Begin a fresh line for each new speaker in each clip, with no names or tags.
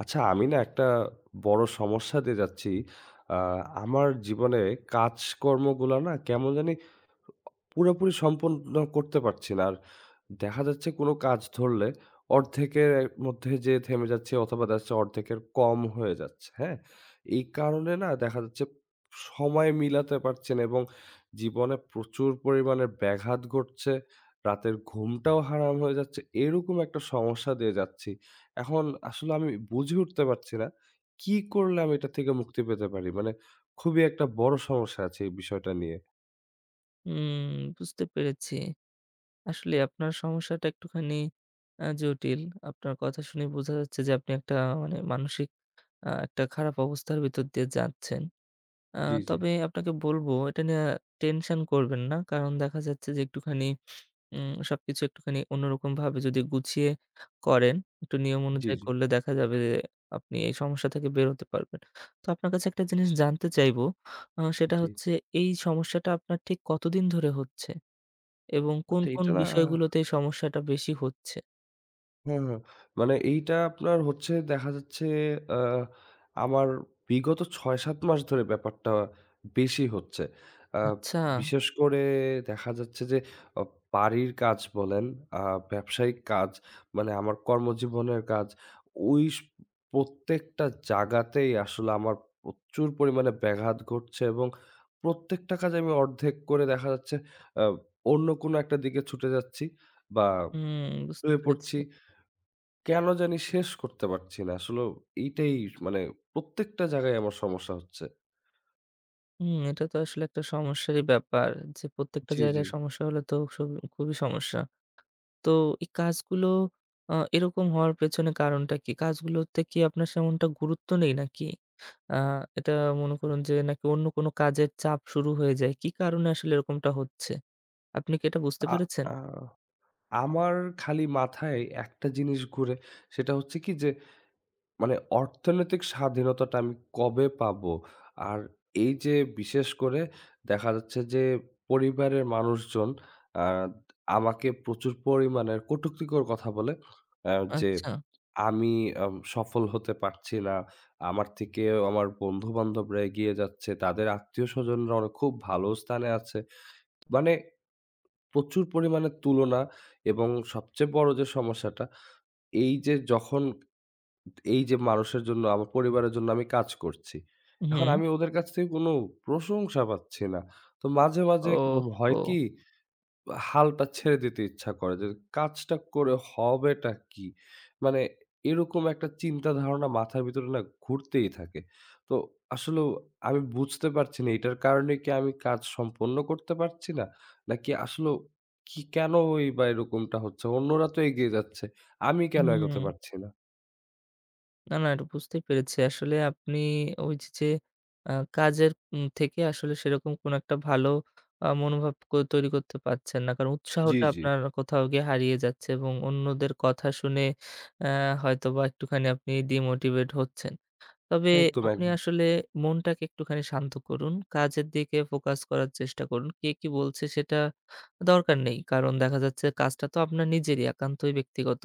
আচ্ছা, আমি না একটা বড় সমস্যা দিয়ে যাচ্ছি। আ আমার জীবনে কাজকর্মগুলা না কেমন জানি পুরোপুরি সম্পন্ন করতে পারছি না। আর দেখা যাচ্ছে কোন কাজ ধরলে অর্ধেকে মধ্যে যেয়ে থেমে যাচ্ছি অথবা [unintelligible] অর্ধেকের কম হয়ে যাচ্ছে। হ্যাঁ? এই কারনে না দেখা যাচ্ছে, সময় মিলাতে পারছি না এবং জীবনে প্রচুর পরিমানে ব্যাঘাত ঘটছে। রাতের ঘুমটাও হারাম হয়ে যাচ্ছে। এরকম একটা সমস্যা দিয়ে যাচ্ছি। এখন আসলে আমি বুঝে উঠতে পারছি না। কি করলে আমি এটা থেকে মুক্তি পেতে পারি? মানে খুবই একটা বড়ো সমস্যা আছে এই বিষয়টা নিয়ে।
উম বুঝতে পেরেছি। আসলে আপনার সমস্যাটা একটুখানি আ জটিল। আপনার কথা শুনে বোঝা যাচ্ছে যে, আপনি একটা মানে মানসিক আ একটা খারাপ অবস্থার ভিতর দিয়ে যাচ্ছেন। আ
জি, জি।
তবে আপনাকে বলবো এটা নিয়ে টেনশন করবেন না। কারণ দেখা যাচ্ছে যে, একটুখানি উ সবকিছু একটুখানি অন্যরকম ভাবে যদি গুছিয় করেন, একটু নিয়ম
জি,
অনুযায়ী
জি।
করলে দেখা যাবে যে, আপনি এই সমস্যা থেকে বেরোতে পারবেন। তো আপনার কাছে একটা জিনিস জানতে চাইব। আ সেটা
জি।
হচ্ছে এই সমস্যাটা আপনার ঠিক কতদিন ধরে হচ্ছে এবং কোন
আচ্ছা।
কোন
এইটা না
বিষয়গুলোতে এই সমস্যাটা বেশি হচ্ছে?
হ্যাঁ, হ্যাঁ। মানে এইটা আপনার হচ্ছে দেখা যাচ্ছে আ আমার বিগত ৬, ৭ মাস ধরে ব্যাপারটা বেশি হচ্ছে। আ
আচ্ছা।
বিশেষ করে দেখা যাচ্ছে যে, অপ বাড়ির কাজ বলেন, আ ব্যবসায়িক কাজ মানে আমার কর্মজীবনের কাজ, ওইস প্রত্যেকটা জায়গাতেই আসলে আমার প্রচুর পরিমাণে ব্যাঘাত ঘটছে এবং প্রত্যেকটা কাজে আমি অর্ধেক করে দেখা যাচ্ছে আ অন্য কোনো একটা দিকে ছুটে যাচ্ছি বা
হুম। বুঝতে
শুয়ে
পেরেছি।
পড়ছি। কেন জানি শেষ করতে পারছি না। আসলেও এটাই মানে প্রত্যেকটা জায়গায় আমার সমস্যা হচ্ছে।
হুম। এটা তো আসলে একটা সমস্যারই ব্যাপার। যে প্রত্যেকটা
জি, জি।
জায়গায় সমস্যা হলে তো সুব খুবই সমস্যা। তো এই কাজগুলো আ এরকম হওয়ার পেছনে কারণটা কি? কাজগুলোতে কি আপনার তেমনটা গুরুত্ব নেই নাকি? আ এটা মনে করুন যে, নাকি অন্য কোন কাজের চাপ শুরু হয়ে যায়? কি কারণে আসলে এরকমটা হচ্ছে? আপনি কি এটা বুঝতে
আ
পেরেছেন?
আ আমার খালি মাথায় একটা জিনিস ঘুরে। সেটা হচ্ছে কি যে, মানে অর্থনৈতিক স্বাধীনতাটা আমি কবে পাবো? আর এইযে বিশেষ করে দেখা যাচ্ছে যে পরিবারের মানুষজন আদ আমাকে প্রচুর পরিমাণের কটুক্তিকর কথা বলে অ্যাঁ যে
আচ্ছা।
আমি অ্যাঁম সফল হতে পারছি না। আমার থেকেও আমার বন্ধু-বান্ধবরা এগিয়ে যাচ্ছে। তাদের আত্মীয়স্বজনরা অন খুব ভালো স্থানে আছে। মানে প্রচুর পরিমাণে তুলনা এবং সবচেয়ে বড় যে সমস্যাটা, এইযে যখন এইযে মানুষের জন্য, আমার পরিবারের জন্য আমি কাজ করছি। এখন
উহু।
আমি ওদের কাছ থেকে কোনো প্রশংসা পাচ্ছি না। তো মাঝে, মাঝে ম
ওহ
হয়
হো!
কি, আ হালটা ছেড়ে দিতে ইচ্ছা করে যে, কাজটা করে হবেটা কি? মানে এরকম একটা চিন্তা ধারণা মাথার ভিতরে না ঘুরতেই থাকে। তো আসলেও আমি বুঝতে পারছি না, এটার কারণে কি আমি কাজ সম্পন্ন করতে পারছি না? নাকি আসলেও কি, কেনইবা এরকমটা হচ্ছে? অন্যরা তো এগিয়ে যাচ্ছে। আমি কেন এগোতে
হুম।
পারছি না?
না, না এটা বুঝতেই পেরেছি। আসলে আপনি ওইযে, যে আ কাজের উ থেকে আসলে সেরকম কোন একটা ভালো আ মনোভাব ক তৈরি করতে পারছেন না। কারণ
জ্বি,
উৎসাহটা
জ্বি।
আপনার কোথাও গিয়ে হারিয়ে যাচ্ছে, এবং অন্যদের কথা শুনে আ হয়তোবা একটুখানি আপনি ডিমোটিভেট হচ্ছেন। তবে
একদম,
আপনি
একদম।
আসলে মনটাকে একটুখানি শান্ত করুন। কাজের দিকে ফোকাস করার চেষ্টা করুন। কে কি বলছে সেটা দরকার নেই। কারণ দেখা যাচ্ছে, কাজটা তো আপনার নিজেরই একান্তই ব্যক্তিগত।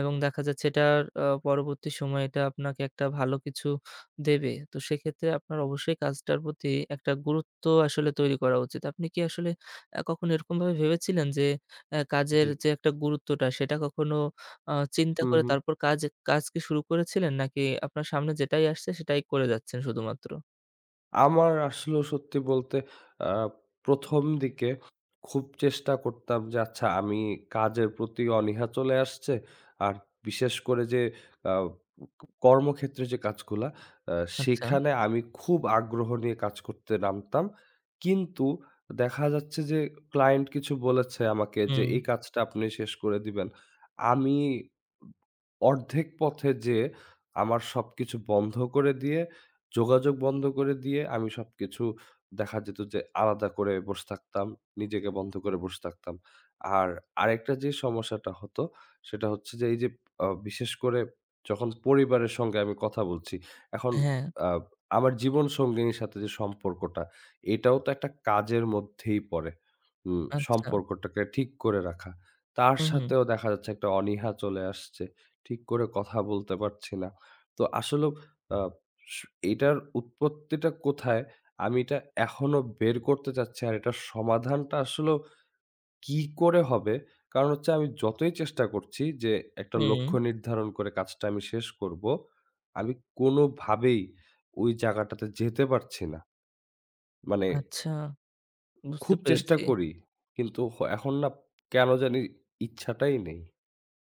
এবং দেখা যাচ্ছে, এটা আ পরবর্তী সময় এটা আপনাকে একটা ভালো কিছু দেবে। তো সেক্ষেত্রে আপনার অবশ্যই কাজটার প্রতি একটা গুরুত্ব আসলে তৈরি করা উচিত। আপনি কি আসলে আ কখনো এরকমভাবে ভেবেছিলেন যে আ কাজের
জ্বী।
যে একটা গুরুত্বটা সেটা কখনো অ চিন্তা
হুম,
করে,
হুম।
তারপর কাজ কাজ কি শুরু করেছিলেন? নাকি আপনার সামনে যেটাই আসছে, সেটাই করে যাচ্ছেন শুধুমাত্র?
আমার আসলেও সত্যি বলতে, আ ১ম দিকে খুব চেষ্টা করতাম, যে আচ্ছা, আমি কাজের প্রতি অনীহা চলে আসছে, আর বিশেষ করে যে আ উ কর্মক্ষেত্রে যে কাজগুলা। আ
আচ্ছা।
সেখানে আমি খুব আগ্রহ নিয়ে কাজ করতে নামতাম, কিন্তু দেখা যাচ্ছে যে ক্লায়েন্ট কিছু বলেছে, আমাকে যে
হুম।
এই কাজটা আপনি শেষ করে দিবেন। আমি ব অর্ধেক পথে যেয়ে আমার সবকিছু বন্ধ করে দিয়ে, যোগাযোগ বন্ধ করে দিয়ে, আমি সবকিছু দেখা যেত, যে আলাদা করে বসে থাকতাম। নিজেকে বন্ধ করে বসে থাকতাম। আর আরেকটা যে সমস্যাটা হতো, সেটা হচ্ছে যে এই যে আ বিশেষ করে যখন পরিবারের সঙ্গে আমি কথা বলছি। এখন
হ্যাঁ।
আ আমার জীবন সঙ্গিনীর সাথে যে সম্পর্কটা এটাও তো একটা কাজের মধ্যেই পড়ে। উ
আচ্ছা।
সম্পর্কটাকে ঠিক করে রাখা। তার
হু, হুম।
সাথেও দেখা যাচ্ছে, একটা অনীহা চলে আসছে। ঠিক করে কথা বলতে পারছি না। তো আসলেও আ স এটার উৎপত্তিটা কোথায়? আমি এটা এখনো বের করতে চাচ্ছি। আর এটার সমাধানটা আসলেও কি করে হবে? কারন হচ্ছে আমি যতই চেষ্টা করছি যে একটা লক্ষ্য
হুম।
নির্ধারন করে, কাজটা আমি শেষ করব, আমি কোনো ভাবেই ওই জায়গাটাতে যেতে পারছি না। মানে
আচ্ছা, বুঝতে
খুব চেষ্টা
পেরেছি।
করি, কিন্তু খ এখন না কেনো জানি ইচ্ছাটাই নেই।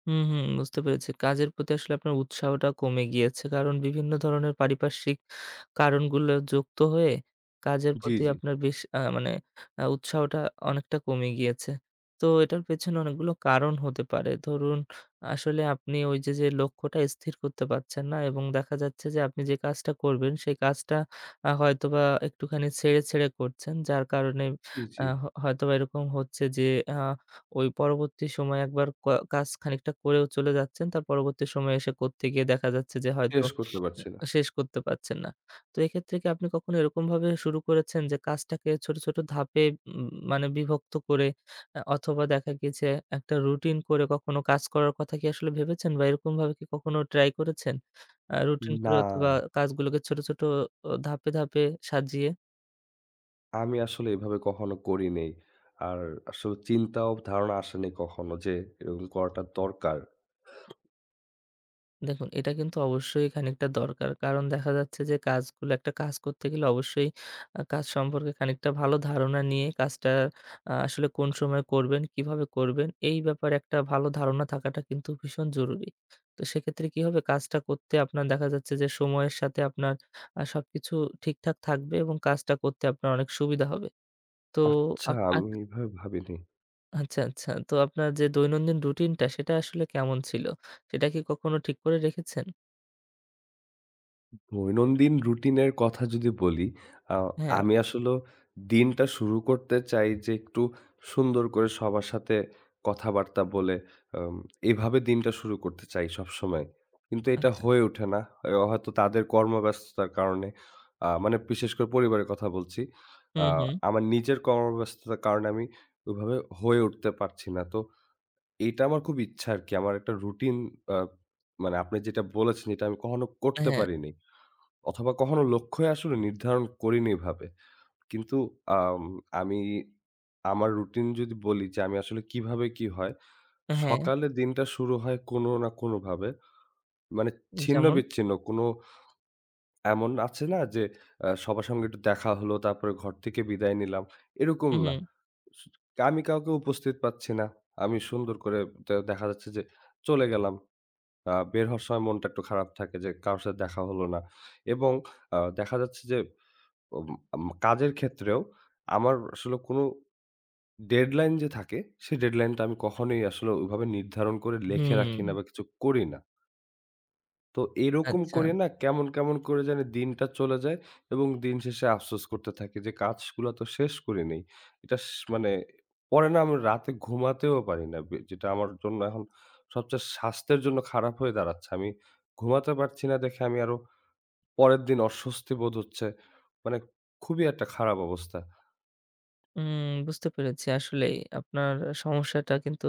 হুম, হুম, বুঝতে পেরেছি। কাজের প্রতি আসলে আপনার উৎসাহটা কমে গিয়েছে। কারণ বিভিন্ন ধরনের পারিপার্শ্বিক কারণগুলো যুক্ত হয়ে কাজের
জি,
প্রতি
জি।
আপনার বেশ আ মানে আ উৎসাহটা অনেকটা কমে গিয়েছে। তো এটার পেছনে অনেকগুলো কারণ হতে পারে। ধরুন আসলে আপনি ওইযে যে লক্ষ্যটা স্থির করতে পারছেন না এবং দেখা যাচ্ছে যে আপনি যে কাজটা করবেন, সেই কাজটা আ হয়তোবা একটুখানি ছেড়ে, ছেড়ে করছেন। যার কারণে
জি, জি।
আ হ হয়তোবা এরকম হচ্ছে যে, আ ওই পরবর্তী সময়ে একবার কয় কাজ খানিকটা করেও চলে যাচ্ছেন। তার পরবর্তী সময়ে এসে করতে গিয়ে দেখা যাচ্ছে যে হয়তো
শেষ করতে
উ
পারছি না।
শেষ করতে পারছেন না। তো এক্ষেত্রে কি আপনি কখনো এরকমভাবে শুরু করেছেন যে কাজটাকে ছোট, ছোট ধাপে উম মানে বিভক্ত করে আ অথবা, দেখা গিয়েছে একটা রুটিন করে কখনো কাজ করার কথা কি আসলে ভেবেছেন? বা, এরকমভাবে কি কখনো ট্রাই করেছেন? আ রুটিন করে
না।
অথবা, কাজগুলোকে ছোট, ছোট অ ধাপে, ধাপে সাজিয়ে?
আমি আসলে এভাবে কখনো করিনি। আর আসলে চিন্তা ও ধারণা আসেনি কখনো যে এরকম করাটা দরকার।
দেখুন, এটা কিন্তু অবশ্যই খানিকটা দরকার। কারণ দেখা যাচ্ছে যে, কাজগুলো একটা কাজ করতে গেলে অবশ্যই আ কাজ সম্পর্কে খানিকটা ভালো ধারণা নিয়ে কাজটা আ আসলে কোন সময় করবেন, কিভাবে করবেন, এই ব্যাপারে একটা ভালো ধারণা থাকাটা কিন্তু ভীষণ জরুরি। তো সেক্ষেত্রে কি হবে, কাজটা করতে আপনার দেখা যাচ্ছে যে, সময়ের সাথে আপনার আ সবকিছু ঠিকঠাক থাকবে এবং কাজটা করতে আপনার অনেক সুবিধা হবে। তো,
আচ্ছা,
আপ আক
আমি এইভাবে ভাবিনি।
আচ্ছা, আচ্ছা। তো আপনার যে দৈনন্দিন রুটিনটা, সেটা আসলে কেমন ছিল? সেটা কি কখনো ঠিক করে রেখেছেন?
দৈনন্দিন রুটিনের কথা যদি বলি, আ
হ্যাঁ।
আমি আসলেও দিনটা শুরু করতে চাই যে, একটু সুন্দর করে সবার সাথে কথাবার্তা বলে, আম এভাবে দিনটা শুরু করতে চাই সবসময়। কিন্তু এটা
আচ্ছা।
হয়ে ওঠে না হ হয়তো তাদের কর্মব্যস্ততার কারণে। আ মানে, বিশেষ করে পরিবারের কথা বলছি।
হু,
আ
হু।
আমার নিজের কর্মব্যস্ততার কারণে আমি ওইভাবে হয়ে উঠতে পারছি না। তো, এটা আমার খুব ইচ্ছা আরকি। আমার একটা রুটিন আ মানে আপনি যেটা বলেছেন, এটা আমি কখনো
আ
করতে
হ্যাঁ।
পারিনি। অথবা, কখনো লক্ষ্যই আসলে নির্ধারণ করিনি এভাবে। কিন্তু আম আমি আমার রুটিন যদি বলি যে, আমি আসলে কিভাবে কি হয়?
আ হ্যাঁ।
সকালে দিনটা শুরু হয় কোনো না কোনোভাবে। মানে
উ যেমন?
ছিন্ন-বিচ্ছিন্ন কোন এমন আছে না যে, সবার সঙ্গে একটু দেখা হলো, তারপরে ঘর থেকে বিদায় নিলাম। এরকম
হুম,
না।
হুম।
স আমি কাউকে উপস্থিত পাচ্ছি না। আমি সুন্দর করে দে দেখা যাচ্ছে যে চলে গেলাম। আ বের হওয়ার সময় মনটা একটু খারাপ থাকে যে কারোর সাথে দেখা হলো না এবং আ দেখা যাচ্ছে যে, উম ম কাজের ক্ষেত্রেও আমার আসলে কোন ডেডলাইন যে থাকে, সে ডেডলাইনটা আমি কখনোই আসলে ওইভাবে নির্ধারণ করে লেখে রাখি না
হুম।
বা কিছু করি না। তো এরকম
আচ্ছা।
করে না, কেমন, কেমন, করে জানি দিনটা চলে যায় এবং দিন শেষে আফসোস করতে থাকি, যে কাজগুলা তো শেষ করিনি। এটাস মানে পরে না আমি রাতে ঘুমাতেও পারি না। বে যেটা আমার জন্য এখন সবচেয়ে স্বাস্থ্যের জন্য খারাপ হয়ে দাঁড়াচ্ছে। আমি ঘুমাতে পারছি না দেখে আমি আরো পরের দিন অস্বস্তি বোধ হচ্ছে। মানে খুবই একটা খারাপ অবস্থা।
উম বুঝতে পেরেছি। আসলেই, আপনার সমস্যাটা কিন্তু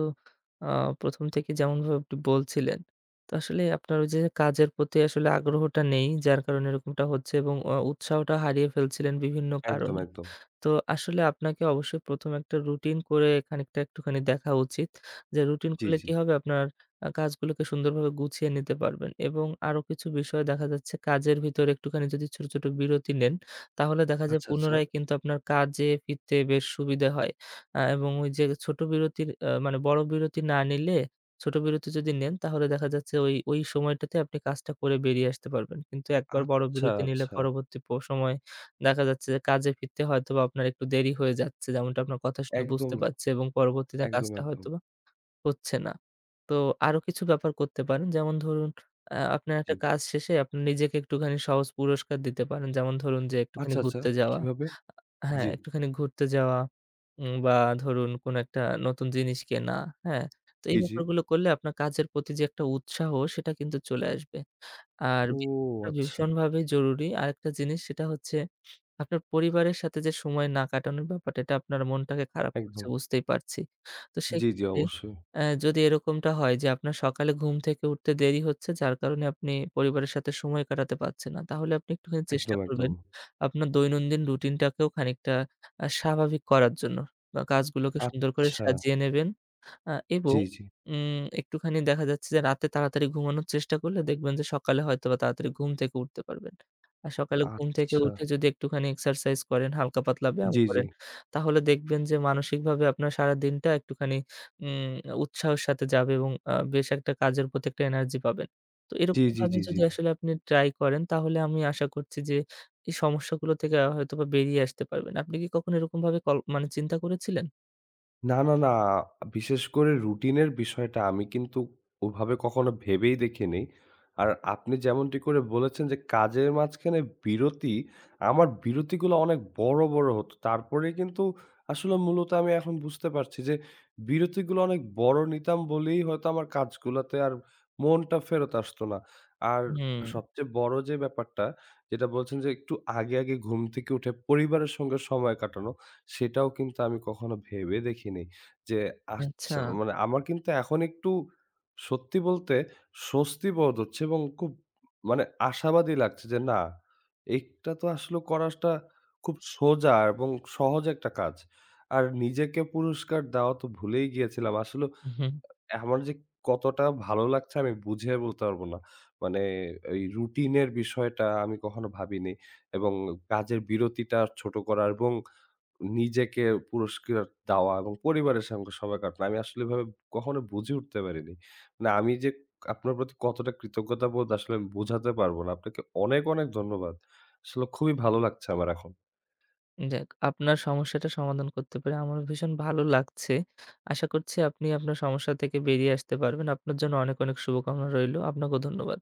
আ ১ম থেকেই যেমনভাবে আপনি বলছিলেন। তো আসলে আপনার ওই যে কাজের প্রতি আসলে আগ্রহটা নেই যার কারণে এরকমটা হচ্ছে। এবং অ উৎসাহটা হারিয়ে ফেলছিলেন বিভিন্ন
একদম,
কারণে।
একদম।
তো আসলে আপনাকে অবশ্যই ১ম এ একটা রুটিন করে খানিকটা একটুখানি দেখা উচিত। যে রুটিন
জ্বি,
করলে
জ্বি।
কি হবে আপনার আ কাজগুলোকে সুন্দরভাবে গুছিয়ে নিতে পারবেন। এবং আরো কিছু বিষয় দেখা যাচ্ছে কাজের ভিতরে একটুখানি যদি ছোট, ছোট বিরতি নেন, তাহলে দেখা যায়
আচ্ছা, আচ্ছা।
পুনরায় কিন্তু আপনার কাজে ফিরতে বেশ সুবিধা হয়। আ এবং ওই যে ছোট বিরতির আ মানে বড় বিরতি না নিলে, ছোট বিরতি যদি নেন তাহলে দেখা যাচ্ছে ওই, ওই সময়টাতে আপনি কাজটা করে বেরিয়ে আসতে পারবেন। কিন্তু একবার বড়
আচ্ছা,
বিরতি নিলে
আচ্ছা।
পরবর্তী প সময় দেখা যাচ্ছে যে, কাজে ফিরতে হয়তোবা আপনার একটু দেরি হয়ে যাচ্ছে। যেমনটা আপনার কথা শুনে
একদম,
বুঝতে পারছি এবং পরবর্তীতে
একদম,
কাজটা
একদম।
হয়তোবা হচ্ছেনা। তো আরো কিছু ব্যাপার করতে পারেন। যেমন ধরুন আ আপনার একটা
জ্বি।
কাজ শেষে আপনি নিজেকে একটুখানি সহজ পুরস্কার দিতে পারেন। যেমন ধরুন যে একটুখানি
আচ্ছা, আচ্ছা,
ঘুরতে যাওয়া,
কীভাবে?
আ হ্যাঁ,
জ্বি।
একটুখানি ঘুরতে যাওয়া। উম বা ধরুন কোন একটা নতুন জিনিস কেনা। হ্যাঁ? তো এই
জ্বি, জ্বি।
ব্যাপারগুলো করলে আপনার কাজের প্রতি যে একটা উৎসাহ সেটা কিন্তু চলে আসবে। আর
ও
[unintelligible]
আচ্ছা।
ভীষণভাবে জরুরি। আরেকটা জিনিস সেটা হচ্ছে আপনার পরিবারের সাথে যে সময় না কাটানোর ব্যাপারটা, এটা আপনার মনটাকে খারাপ করছে
একদম।
বুঝতেই পারছি। তো
জ্বি, জ্বি।
সেইক্ষেত্রে
অবশ্যই।
আ যদি এরকমটা হয়, যে আপনার সকালে ঘুম থেকে উঠতে দেরি হচ্ছে যার কারণে আপনি পরিবারের সাথে সময় কাটাতে পারছেন না। তাহলে আপনি একটুখানি চেষ্টা
একদম, একদম।
করবেন, আপনার দৈনন্দিন রুটিনটাকেও খানিকটা আ স্বাভাবিক করার জন্য। বা কাজগুলোকে সুন্দর করে
আচ্ছা।
সাজিয়ে নেবেন। আ এবং
জ্বি, জ্বি।
উম একটুখানি দেখা যাচ্ছে যে রাতে তাড়াতাড়ি ঘুমানোর চেষ্টা করলে দেখবেন যে সকালে হয়তোবা তাড়াতাড়ি ঘুম থেকে উঠতে পারবেন। আর সকালে ঘুম থেকে
আচ্ছা।
উঠে যদি একটুখানি এক্সারসাইজ করেন, হালকা পাতলা ব্যায়াম
জ্বি, জ্বি।
করেন, তাহলে দেখবেন যে মানসিকভাবে আপনার সারাদিনটা একটুখানি উম উৎসাহের সাথে যাবে এবং আ বেশ একটা কাজের প্রতি একটা এনার্জি পাবেন। তো
জি, জি,
এরকমভাবে
জি, জি।
যদি আসলে আপনি ট্রাই করেন, তাহলে আমি আশা করছি যে, এই সমস্যাগুলো থেকে আ হয়তোবা বেরিয়ে আসতে পারবেন। আপনি কি কখনো এরকম ভাবে কল মানে চিন্তা করেছিলেন?
না, না, না, বিশেষ করে রুটিনের বিষয়টা আমি কিন্তু ওভাবে কখনো ভেবেই দেখিনি। আর আপনি যেমনটি করে বলেছেন যে, কাজের মাঝখানে বিরতি, আমার বিরতিগুলো অনেক বড়, বড় হতো। তারপরেই কিন্তু আসলে মূলত আমি এখন বুঝতে পারছি যে বিরতিগুলো অনেক বড় নিতাম বলেই হয়তো আমার কাজগুলাতে আর মনটা ফেরত আসতো না। আর
হুম।
সবচেয়ে বড় যে ব্যাপারটা যেটা বলছেন যে, একটু আগে, আগে ঘুম থেকে উঠে পরিবারের সঙ্গে সময় কাটানো, সেটাও কিন্তু আমি কখনো ভেবে দেখিনি। যে আচ্ছা
আচ্ছা।
মানে আমার কিন্তু এখন একটু সত্যি বলতে স্বস্তিবোধ হচ্ছে এবং খুব মানে আশাবাদী লাগছে যে, না, এটা তো আসলে করাটা খুব সোজা এবং সহজ একটা কাজ। আর নিজেকে পুরস্কার দেওয়া তো ভুলেই গিয়েছিলাম। আসলে
উহুম।
আ আমার যে কতটা ভালো লাগছে আমি বুঝিয়ে বলতে পারবো না। মানে আ এই রুটিনের বিষয়টা আমি কখনো ভাবিনি। এবং কাজের বিরতিটা ছোট করা এবং নিজেকে পুরস্কার দেওয়া এবং পরিবারের সঙ্গে সময় কাটানো। আমি আসলে এভাবে কখনো বুঝে উঠতে পারিনি। মানে আমি যে আপনার প্রতি কতটা কৃতজ্ঞতাবোধ, আসলে আমি বুঝাতে পারবো না। আপনাকে অনেক, অনেক ধন্যবাদ। আসলে খুবই ভালো লাগছে আমার এখন।
যাক, আপনার সমস্যাটা সমাধান করতে পেরে আমারও ভীষণ ভালো লাগছে। আশা করছি আপনি আপনার সমস্যা থেকে বেরিয়ে আসতে পারবেন। আপনার জন্য অনেক, অনেক শুভকামনা রইলো। আপনাকেও ধন্যবাদ।